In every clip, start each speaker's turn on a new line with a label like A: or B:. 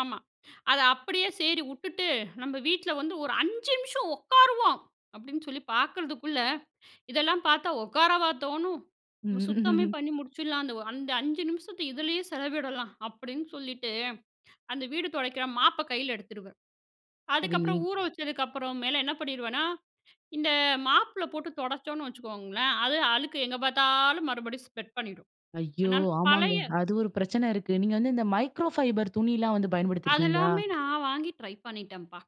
A: ஆமா. அத அப்படியே சேரி வுட்டுட்டு நம்ம வீட்ல வந்து ஒரு 5 நிமிஷம் ஒக்காருவோம் அப்படின்னு சொல்லி பாக்கறதுக்குள்ள, இதெல்லாம் பாத்தா ஒக்காரவா தோணும்? சுத்தமே பண்ணி முடிச்சிடலான்னு. அந்த அந்த 5 நிமிஷத்த இதுலயே செலவிடலாம் அப்படின்னு சொல்லிட்டு, அந்த வீடு தொடைக்கிற மாப்ப கையில எடுத்துருவேன். அதுக்கப்பறம்
B: சரிங்க.
A: ஊற வச்சதுக்கப்பறம் மேல என்ன பண்ணிருவேன்னா, இந்த மாப்புல போட்டு தொடச்சோனு வச்சுக்கோங்களேன், அது அழுக்கு எங்க பாத்தாலும் மறுபடியும் ஸ்ப்ரெட் பண்ணிரும்.
B: ஐயோ!
A: அனா
B: ஆமாங்க.
A: பழைய
B: அது ஒரு பிரச்சனை இருக்கு. நீங்க வந்து, இந்த மைக்ரோஃபைபர் துணிலாம் வந்து பயன்படுத்தியிருக்கீங்களா?
A: அதெல்லாமே நான் வாங்கி ட்ரை பண்ணிட்டேன்ப்பா.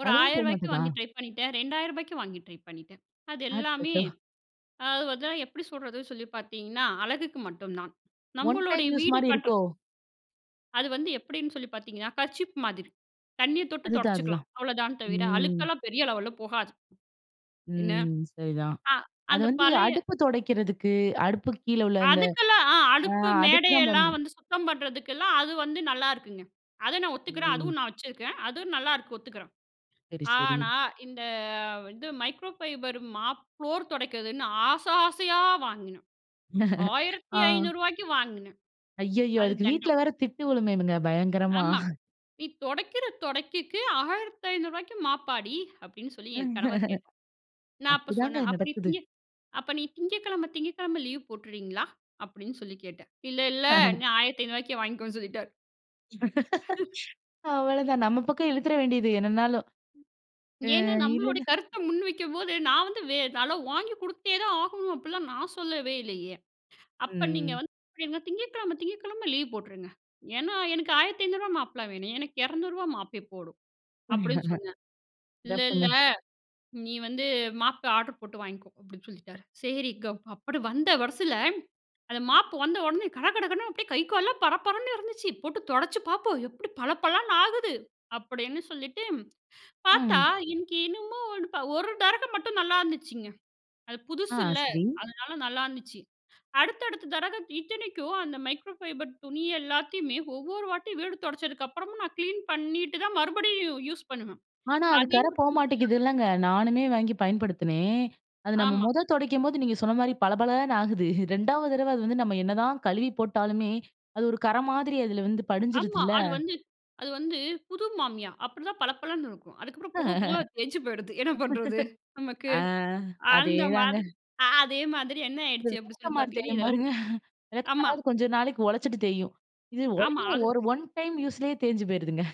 A: ஒரு
B: அதுவும் போ
A: ரூ. 1,000க்கு
B: மாட்டதா?
A: வாங்கி ட்ரை பண்ணிட்டேன். ரூ. 2,000க்கு வாங்கி ட்ரை பண்ணிட்டேன். அது எல்லாமே
B: அச்சச்சோ!
A: அது வந்து எப்படி சொல்றது சொல்லி பாத்தீங்கன்னா அழகுக்கு மட்டுந்தான்.
B: 1
A: நம்மளுடைய
B: டைம் யூஸ்
A: வீடு
B: மாரி
A: பண்ற
B: இருக்கோ?
A: அது வந்து எப்படின்னு சொல்லி பாத்தீங்கன்னா கர்ச்சீப் மாதிரி. தண்ணிய தொட்டு
B: அதுதான்,
A: தொடச்சுக்கலாம்.
B: அதுதான்.
A: அவ்வளோதான் தவிர,
B: ம்.
A: அழுக்கெல்லாம் பெரிய லெவல்ல போகாது. என்ன?
B: ம். சரிதான்.
A: அ
B: அது
A: அந்த
B: வந்து
A: பழைய
B: அடுப்பு தொடைக்கிறதுக்கு, அடுப்புக்கு கீழ உள்ள இந்த
A: அதுக்கெல்லாம், அ
B: அ
A: அடுப்பு
B: அதுக்குதான்
A: மேடையெல்லாம்
B: பயன்படும்.
A: வந்து சுத்தம் பண்ணுறதுக்கெல்லாம் அது வந்து நல்லாயிருக்குங்க. அதை நான் ஒத்துக்கிறேன்.
B: ம்.
A: அதுவும் நான் வச்சுருக்கேன். அதுவும் நல்லாயிருக்கு ஒத்துக்கிறேன்.
B: செரி, செரி.
A: ஆனா, இந்த இது மைக்ரோஃபைபர் மாப் ப்ளோர் தொடைக்கிறதுன்னு ஆசை ஆசையா வாங்கினேன். ஆயிரத்தி
B: அ.
A: ஐநூறு ரூபாய்க்கு வாங்கினேன்.
B: அய்யய்யோ!
A: அது
B: அதுக்கு
A: தண்டம்.
B: வீட்ல வேறு திட்டு விழுமேங்க பயங்கரமா!
A: "ஆமா. நீ தொடைக்கிற தொடைக்குக்கு ரூ. 1500க்கு மாப்பாடி?" அப்படின்னு சொல்லி என் கணவர் கேட்டார். நான் அப்போ
B: அப்படிதாங்க
A: சொன்னேன், "அப்ப நீ
B: நடக்குது.
A: திங்கட் அப்ப நீ திங்கட்கிழமை, திங்கட்கிழமை லீவ் போட்டுர்றீங்களா?" அப்படின்னு சொல்லி கேட்டேன். "இல்ல, இல்ல. ரூ. 1500க்கே வாங்கிக்கோன்னு" சொல்லிட்டார்.
B: அவ்வளதான். நம்ம பக்கம் இழுத்துற வேண்டியது என்னனாலும். அ,
A: ஏன்னா, நம்மளோட
B: இல்லனா
A: கருத்த முன் வைக்கம்போது, நான் வந்து வே அதுலாம் வாங்கி கொடுத்தேதான் ஆகணும் அப்படிலாம் நான் சொல்லவே இல்லையே. "அப்போ நீங்க
B: ம், ம்.
A: வந்து [unintelligible] திங்கட்கிழமை, திங்கட்கிழமை லீவ் போட்டுருங்க. ஏன்னா, எனக்கு ரூ. 1500 மாப்பெல்லாம் வேணாம். எனக்கு ரூ. 200 மாப்பே போதும்" அப்படின்னு சொன்னேன். "இல்ல, இல்ல.
B: சிறப்புங்க.
A: நீ வந்து மாப்பே ஆர்டர் போட்டு வாங்கிக்கோ" அப்படின்னு சொல்லிட்டாரு. செரிங்க அப்படி வந்த வெரசுல, அந்த மாப்பு வந்த உடனே கடகடகடன்னு அப்படியே கை கால்லாம் பரபரன்னு இருந்துச்சு. போட்டு தொடச்சு பாப்போம் எப்படி பள பளன்னு ஆகுது அப்படின்னு சொல்லிட்டு, பாத்தா
B: ம்.
A: இன்னிக்கி இன்னமும் ஒரு ப ஒரு தடவ மட்டும் நல்லாயிருந்துச்சுங்க. அது
B: அ,
A: புதுசுல்ல!
B: சரி.
A: அதனால நல்லாயிருந்துச்சு. அடுத்த, அடுத்த தடவை இத்தனைக்கும் அந்த மைக்ரோஃபைபர் துணி எல்லாத்தையுமே ஒவ்வொரு வாட்டி வீடு தொடச்சதுக்கப்பறமும் நான் கிளீன் பண்ணிட்டு தான் மறுபடியும் யு யூஸ் பண்ணுவேன்.
B: ஆனா, அது கறை
A: அதையும்,
B: போ மாட்டேங்குதுல்லங்க? நானுமே வாங்கி பயன்படுத்தினேன். அது நம்ம
A: ஆமா.
B: மொத தொடைக்கும்போது நீங்க சொன்ன மாரி பளபளன்னு ஆகுது. 2வது தடவை அது வந்து நம்ம என்னதான் கழுவி போட்டாலுமே, அது ஒரு கறை மாதிரி அதுல வந்து
A: ஆமா.
B: படிஞ்சுருதுல்ல?
A: அது வந்து அது வந்து புது மாமியா, அப்படிதான் பளபளன்னு இருக்கும். அதுக்கப்புறம் போக, போக தேஞ்சு போயிடுது. என்ன பண்றது? நமக்கு.
B: அ.
A: அந்த
B: அதேதாங்க.
A: மாதி அதே மாதிரி என்ன ஆயிடுச்சு அப்படி சொல்லி
B: விளக்கமாறு
A: பாத்தீங்கன்னா,
B: தேயும்
A: இதெல்லாம்
B: பாருங்க. விளக்க
A: ஆமா.
B: மாறாவது கொஞ்சம் நாளைக்கு உழைச்சுட்டு தேயும். இது உடனே
A: ஆமா. அது
B: ஒரு 1 டைம் யூஸ்லயே தேஞ்சு போயிருதுங்க.